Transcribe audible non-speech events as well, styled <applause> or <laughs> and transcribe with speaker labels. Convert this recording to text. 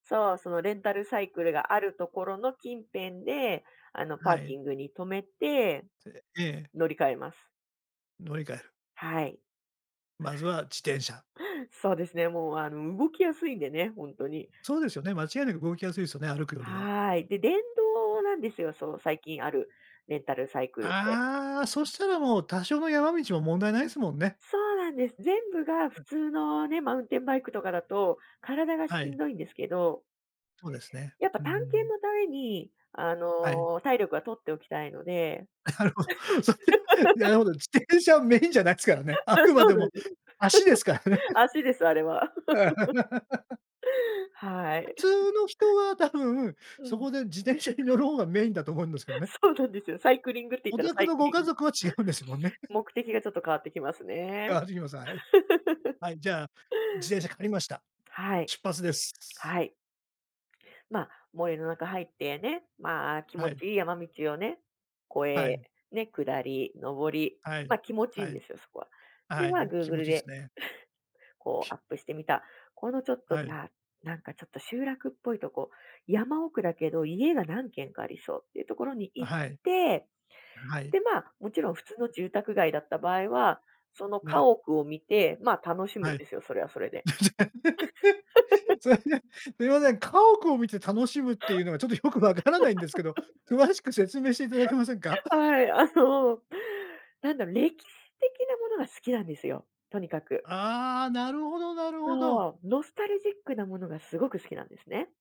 Speaker 1: そう、そのレンタルサイクルがあるところの近辺で、あのパ
Speaker 2: は
Speaker 1: ー
Speaker 2: い。
Speaker 1: キングに止めて、
Speaker 2: <unintelligible> ええ。
Speaker 1: 乗り換えます。
Speaker 2: 乗り換える。
Speaker 1: はい。
Speaker 2: まずは自転車。
Speaker 1: そうですね、もうあの動きやすいんでね、ほんとに。
Speaker 2: そうですよね、間違いなく動きやすいですよね、歩くよりは。
Speaker 1: はい。で、電動なんですよ。そう最近ある、レンタルサイクルって
Speaker 2: ああ、そしたらもう多少の山道も問題ないすもんね。
Speaker 1: そうなんです。全部が
Speaker 2: う
Speaker 1: 普
Speaker 2: ん。
Speaker 1: 通のね、マウンテンバイクとかだと、体がし
Speaker 2: は
Speaker 1: ん
Speaker 2: い。
Speaker 1: どいんですけど
Speaker 2: そうですね。
Speaker 1: やっぱ
Speaker 2: うんうん
Speaker 1: 探
Speaker 2: う
Speaker 1: 検
Speaker 2: ん。
Speaker 1: のために、あ
Speaker 2: はい。
Speaker 1: の体力は取っておきたいので。
Speaker 2: なるほど。それな
Speaker 1: <laughs>
Speaker 2: るほど。自転車メインじゃないすからね。
Speaker 1: <laughs>
Speaker 2: あ
Speaker 1: あ、
Speaker 2: くま
Speaker 1: そ
Speaker 2: で
Speaker 1: うなん
Speaker 2: も、
Speaker 1: で。
Speaker 2: 足ですからね。
Speaker 1: <laughs> 足です、あれは。
Speaker 2: <laughs>
Speaker 1: <laughs> は
Speaker 2: 普
Speaker 1: い。
Speaker 2: 通の
Speaker 1: <laughs>
Speaker 2: 人は多分、
Speaker 1: う
Speaker 2: そ
Speaker 1: ん。
Speaker 2: こで自転車に乗る方がメインだと思うんですけどね。
Speaker 1: <laughs> そうなんですよ、サイクリングって言っ
Speaker 2: お
Speaker 1: たら
Speaker 2: 宅
Speaker 1: サイ
Speaker 2: の
Speaker 1: ク
Speaker 2: ご
Speaker 1: リ
Speaker 2: 家
Speaker 1: ン
Speaker 2: 族は違うんですもんね。
Speaker 1: 目的がちょっと変わってきます
Speaker 2: 変
Speaker 1: ね。
Speaker 2: わってきます、はい。
Speaker 1: <laughs>
Speaker 2: はい、じゃあ、自転車借りました。
Speaker 1: はい。
Speaker 2: 出発です。
Speaker 1: はい。まあ、森の中入ってね、まあ、気
Speaker 2: は
Speaker 1: 持
Speaker 2: い。
Speaker 1: ちいい山道をね、越
Speaker 2: は
Speaker 1: え、
Speaker 2: い。
Speaker 1: ね、下り、上り、
Speaker 2: はい、
Speaker 1: ま、気持ちいい
Speaker 2: は
Speaker 1: んで
Speaker 2: い。
Speaker 1: すよ、そこは。で、
Speaker 2: は
Speaker 1: ま、
Speaker 2: い、気持
Speaker 1: Google
Speaker 2: ちいいす
Speaker 1: で、
Speaker 2: ね。
Speaker 1: <laughs> こうアップして見た、このちょっと
Speaker 2: は
Speaker 1: じ
Speaker 2: い。
Speaker 1: ゃあ、なんかちょっと集落っぽいとこ、山奥だけど家が何軒かありそうっていうところに
Speaker 2: あ、
Speaker 1: 行っ
Speaker 2: はい。
Speaker 1: て、
Speaker 2: はい。
Speaker 1: で、ま、もちろん普通の住宅街だった場合は、その家
Speaker 2: ね。
Speaker 1: 屋を見て、ま、楽しむ
Speaker 2: は
Speaker 1: ん
Speaker 2: い。
Speaker 1: ですよ、それはそれで。
Speaker 2: <laughs>
Speaker 1: <laughs>
Speaker 2: それで、すみません、すみません家屋を見て楽しむっていうのがちょっとよくわからないんですけど、詳しく説明していただけませんか？
Speaker 1: <laughs>
Speaker 2: <laughs>
Speaker 1: はい、あの、なんだろ、歴史的なものが好きなんですよ、とにかく。
Speaker 2: ああ、なるほどなるほど。
Speaker 1: そう、ノスタルジックなものがすごく好きなんですね。